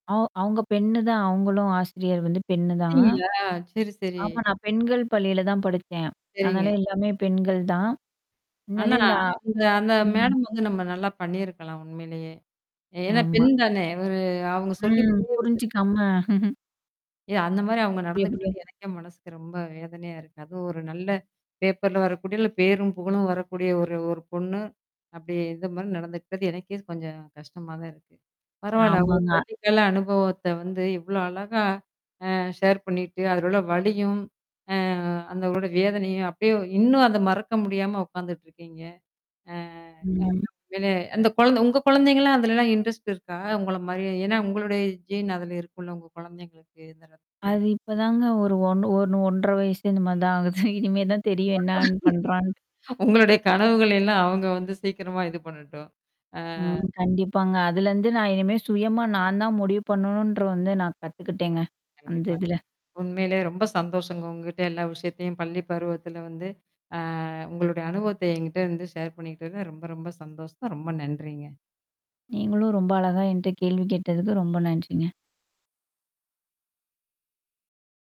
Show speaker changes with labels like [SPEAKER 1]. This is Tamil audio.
[SPEAKER 1] அவ் அவவுங்க பெண்ணு தான, அவங்களும் ஆசிரியர் வந்து பெண்ணு தான்.
[SPEAKER 2] [unintelligible] சரி, சரி.
[SPEAKER 1] ஆமா நான் பெண்கள் பள்ளியில தான் படிச்சேன். அதனால
[SPEAKER 2] சரிங்க.
[SPEAKER 1] எல்லாமே பெண்கள் தான்.
[SPEAKER 2] ஆனா
[SPEAKER 1] அதனாலே இந்த ஆ
[SPEAKER 2] அந்த அந்த
[SPEAKER 1] ம்.
[SPEAKER 2] மேடம் வந்து நம்ம நல்லா பண்ணியிருக்கலாம் உண்மையிலயே. ஏன்னா
[SPEAKER 1] ஆமா.
[SPEAKER 2] பெண் தானே! அவரு அவங்க சொல்லிக்
[SPEAKER 1] ம்.
[SPEAKER 2] புரிய வச்சிருக்
[SPEAKER 1] புரிஞ்சுக்காம.
[SPEAKER 2] இ அந்த மாரி அவங்க
[SPEAKER 1] எப்டி எப்டியோ
[SPEAKER 2] நடந்துக்கிட்டாது, எனக்கே மனசுக்கு ரொம்ப வேதனையா இருக்கு. அதுவும் ஒரு நல்ல பேப்பர்ல வரக்கூடிய, இல்ல பேரும் புகழும் வரக்கூடிய ஒரு ஒரு பொண்ணு. அப்டி இந்த மாரி நடந்துக்கிட்டது, எனக்கே கொஞ்சம் கஷ்டமா தான் இருக்கு. பரவால்ல உங்க
[SPEAKER 1] ஆமாங்க.
[SPEAKER 2] பள்ளிக்கால அனுபவத்த வந்து இவ்ளோ அழகா ஆ ஷேர் பண்ணிட்டு, அதிலுள்ள வலியும், அ அந்த உட வேதனையும் அப்படியே இன்னும் அத மறக்க முடியாம உட்காந்துட்டுருக்கீங்க. ஆ
[SPEAKER 1] ம்
[SPEAKER 2] உண்மையிலே என்ன அந்த குழந்த உங்க குழந்தைங்கலாம் அதுலலாம் இன்ட்ரெஸ்ட் இருக்கா? உங்கள மாரி? ஏன்னா உங்களுடைய ஜீன் அதுல இருக்கும்ல, உங்க குழந்தைங்களுக்கு இந்த இடத்துல?
[SPEAKER 1] அது இப்பதாங்க ஒரு 1, ஒண்ணு 1 1/2 வயசே இந்த மாரி தான்
[SPEAKER 2] ஒரு
[SPEAKER 1] ஆகுது.
[SPEAKER 2] நாள்
[SPEAKER 1] இனிமே தான் தெரியும் என்னான்னு பண்றான்
[SPEAKER 2] உங்களுடைய கனவுகள்லாம் அவங்க வந்து சீக்கிரமா இது பண்ணட்டும். ஆ.
[SPEAKER 1] ம். கண்டிப்பாங்க. அதுலருந்து நான் இனிமே சுயமா நான் தான் முடிவு பண்ணணுன்ற வந்து நான் கத்துக்கிட்டேங்க. அந்த
[SPEAKER 2] கண்டிப்பா.
[SPEAKER 1] இதுல.
[SPEAKER 2] உண்மையிலேயே ரொம்ப சந்தோஷங்க உங்கிட்ட எல்லா விஷயத்தையும் பள்ளி பருவத்தில வந்து அ உங்களுடைய அனுபவத்த என்கிட்ட இருந்து ஷேர் பண்ணிக்கிட்டது ரொம்ப ரொம்ப சந்தோஷம். ரொம்ப நன்றிங்க.
[SPEAKER 1] நீங்களும் ரொம்ப அழகா என்ட்ட கேள்வி கேட்டதுக்கு ரொம்ப நன்றிங்க.